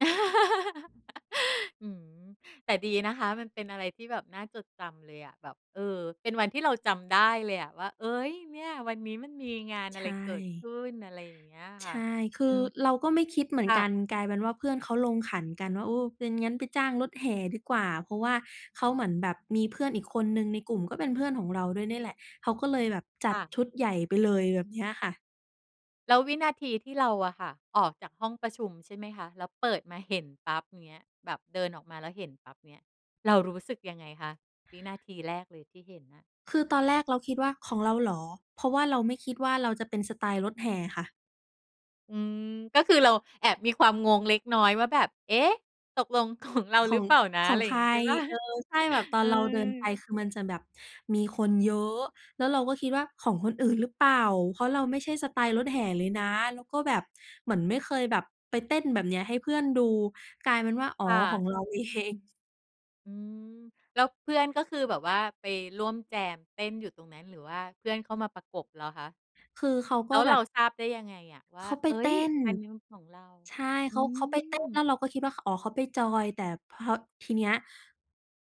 อืม แต่ดีนะคะ มันเป็นอะไรที่แบบน่าจดจำเลยอะ แบบ เออ เป็นวันที่เราจำได้เลยอะ ว่า เฮ้ย เนี่ย วันนี้มันมีงานใอชะไรเกิดข่ ึ้น อะไรอย่างเงี้ยใคช่ะ ่ คือือม เราก็ไม่คิดเหมือคน่กัน ะ กลายเป็นว่าเพื่อนเขาลงขันกันว่า โอ้ งั้น งั้นไปจ้างรถแห่ดีกว่า เพราะว่าเขาเหมือนแบบมีเพื่อนอีกคนหนึ่งในกลุ่มก็เป็นเพื่อนของเราด้วยเนี่ยแหละ เขาก็เลยแบบจัคด่ะ ชุดใหญ่ไปเลยแบบเนี้ยค่ะ แล้ววินาทีที่เราอะค่ะ ออกจากห้องประชุม ใช่ไหมคะ แล้วเปิดมาเห็นปั๊บอย่างเงี้ย แบบเดินออกมาแล้วเห็นปั๊บเงี้ย เรารู้สึกยังไงคะ? วินาทีแรกเลยที่เห็นน่ะ คือตอนแรกเราคิดว่าของเราเหรอ เพราะว่าเราไม่คิดว่าเราจะเป็นสไตล์รถแห่ค่ะ อืม ก็คือเราแอบมีความงงเล็กน้อยว่าแบบ เอ๊ะ ตกลง ของ เราขหรอือง เปล่านะ ขออะไงรอใย่คางร งี้ ใช่ เปล่า? เออ ใช่ แบบตออืนเราเดินไปอ คือมันจะแบบมีคนเยอะ แล้วเราก็คิดว่าของคนอื่นหรือเปล่า เพราะเราไม่ใช่สไตล์รถแห่เลยนะ แล้วก็แบบเหมือนไม่เคยแบบไปเต้นแบบเนี้ยให้เพื่อนดู กลายเป็นว่า อ๋อ ค่ขอะ งเราเอง อืม แล้วเพื่อนก็คือแบบว่า ไปร่วมแจมเต้นอยู่ตรงนั้น หรือว่าเพื่อนเข้ามาประกบเหรอคะ คือเขากแล็้วแบเราบ ทราบได้ยังไงอะ? ว่เา ขาไปเฮ้เตย ้น อันนั้นของเรา ใช่ เอขืา เขาไปเต้น แล้ม วเราก็คิดว่า อ๋อ เขาไปจอย แต่พอทีเนี้ย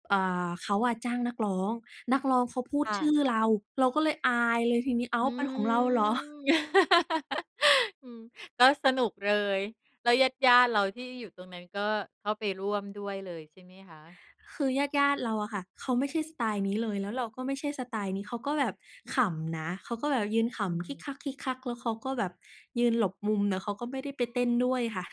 อ่า เขาจ้างนักร้อง นักร้องเขาพูดค่ชื่อะ เรา เราก็เลยอายเลยทีนี้ อ้าอว ืเป็นของเราเหรอ ม อืม ก็สนุกเลย แล้วญาติ ๆ เราที่อยู่ตรงนั้นก็เข้าไปร่วมด้วยเลยใช่ไหมคะ? คือญาติ ๆ เราอะค่ะ เขาไม่ใช่สไตล์นี้เลย แล้วเราก็ไม่ใช่สไตล์นี้ เขาก็แบบขำนะ เขาก็แบบยืนขอืำคิม กคัก ๆ แล้วเขาก็แบบยืนหลบมุม แล้วเขาก็ไม่ได้ไป เต้นด้วยค่ะ